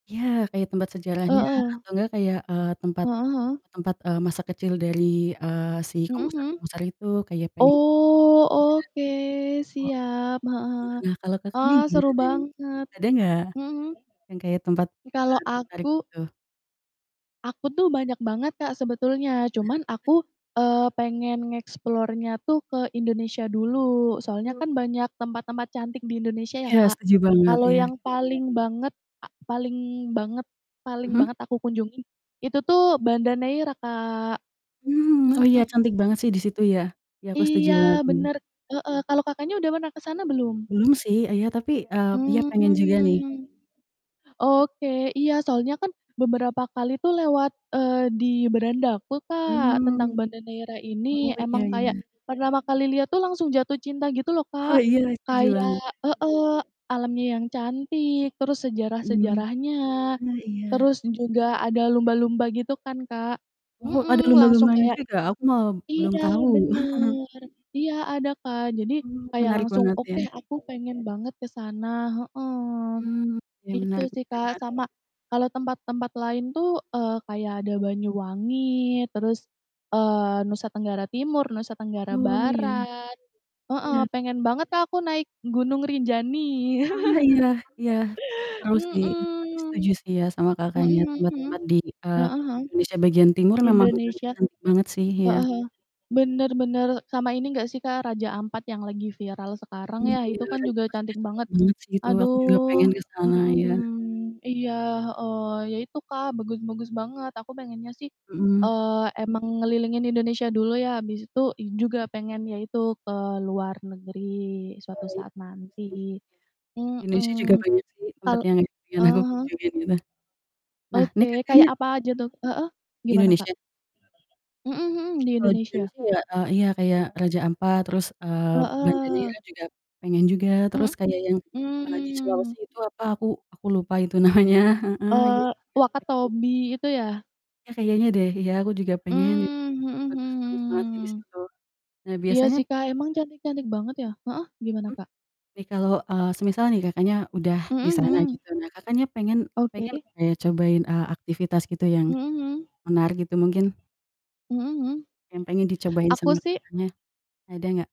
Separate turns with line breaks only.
Iya, kayak tempat sejarahnya
Heeh.
atau nggak kayak, eee, tempat
Heeh heeh.
tempat, eee, masa kecil dari, eee, si
Mhm mhm.
komposer-komposer itu kayak pengen
Oh, oke.
iya, wa
Siap.
Heeh,
Heeh,
nah, kalo Kakaknya,
ah,
gimana
seru
nih?
banget.
Ada nggak
Mhm mhm.
yang kayak tempat
I kalau
Kakak tertarik,
aku
gitu?
aku tuh banyak banget, Kak, sebetulnya,
Nah,
cuman
apa t
aku, eee, pengen nge-explore-nya tuh ke Indonesia dulu, soalnya
Aku
kan banyak tempat-tempat cantik di Indonesia ya,
Iya,
Kak,
setuju banget,
kalau
iya.
yang paling banget, a paling banget paling
Mhm.
banget aku kunjungi itu tuh Banda Neira, Kak,
Oh, iya,
mhm.
cantik banget sih di situ ya, aku setuju banget,
Iya,
mmm.
bener, heeh, kalau Kakaknya udah pernah ke sana belum?
Belum sih, ah, ya, tapi, eee, iya, pengen juga nih.
Mmm. Oke, iya, soalnya kan beberapa kali tuh lewat, eee, di beranda aku, Kak, tentang
Mmm,
Banda Neira
oh,
ini,
iya
emang kayak
iya.
pertama kali lihat tuh, langsung jatuh cinta, gitu loh,
Oh,
Kak,
iya, setuju
kayak
banget.
heeh, alamnya yang cantik, terus
Mmm,
sejarah-sejarahnya,
ah, iya.
terus juga ada lumba-lumba, gitu kan, Kak,
Oh, ada
mhm, langsung
lumba-lumbanya
kayak
juga, aku malah belum
iya,
tahu.
bener, iya, ada, Kak. Jadi
Oh,
kayak
menarik
langsung,
banget, ya?
"Oke, aku pengen banget ke sana," heeh,
Mmm, ya, menarik
itu sih, Kak,
[unintelligible]
sama kalau tempat-tempat lain tuh, eee, kayak ada Banyuwangi, terus, eee, Nusa Tenggara Timur, Nusa Tenggara
Oh, ya.
Barat. Heeh,
Iya.
pengen banget Kak, aku naik Gunung Rinjani.
Ah, iya iya. Itu seru sih, Tapi setuju
Mhm.
sih ya, sama
Mhm
kakaknya
mhm mhm.
tempat-tempat di, eee,
Heeh heeh.
Indonesia bagian timur memang
Indonesia. Heeh heeh.
cantik-cantik banget sih, iya.
bener bener, sama ini enggak sih, Kak, Raja Ampat, yang lagi viral sekarang
Mmm,
ya,
iya,
itu kan
Raja Ampat
juga
maksudnya,
cantik
cantik
banget,
banget sih itu. Aku juga
aduh.
pengen ke sana, iya.
Mhm. Iya. Heeh, ya itu, Kak, bagus-bagus banget, Aku pengennya sih,
Mhm.
eee, emang ngelilingin Indonesia dulu ya, abis itu juga pengen ya itu ke luar negeri,
Oh,
suatu
iya,
saat
bagus sih,
nanti.
iya. Indonesia juga
Mhm.
banyak sih
Kal
tempat yang pengen aku
heeh heeh?
kunjungin gitu. Nah ini
Oke, kayak
Kakaknya
apa aja tuh heeh, gimana, Kak?
Indonesia?
Mhm mhm, di
Kalo di
Indonesia.
Indonesia ya, eee, iya, kayak Raja Ampat, terus, eee, Banda
Heeh.
Neira juga pengen juga, terus
Mhm,
kayak yang, eee, di Sulawesi
mmm.
itu apa, aku aku lupa itu namanya, heeh.
Eee,
[unintelligible]
Wakatobi itu, ya?
Iya, kayaknya deh, iya, aku juga pengen gitu,
Mmm, mhm mhm
bagus-bagus banget
mhm
sih di
mhm.
situ. Nah,
Iya,
biasanya
sih, Kak, emang cantik-cantik banget, ya heeh, gimana,
Mmm.
Kak?
Nih, kalo, eee, semisal nih, Kakaknya udah di
Mhm
sana
mhm.
gitu, nah, Kakaknya pengen
Oke.
pengen kayak cobain, eee, aktivitas gitu, yang
Mhm mhm.
menarik, gitu, mungkin?
Mhm mhm.
Yang pengen dicobain
Aku
sama
sih
Kakaknya, ada nggak?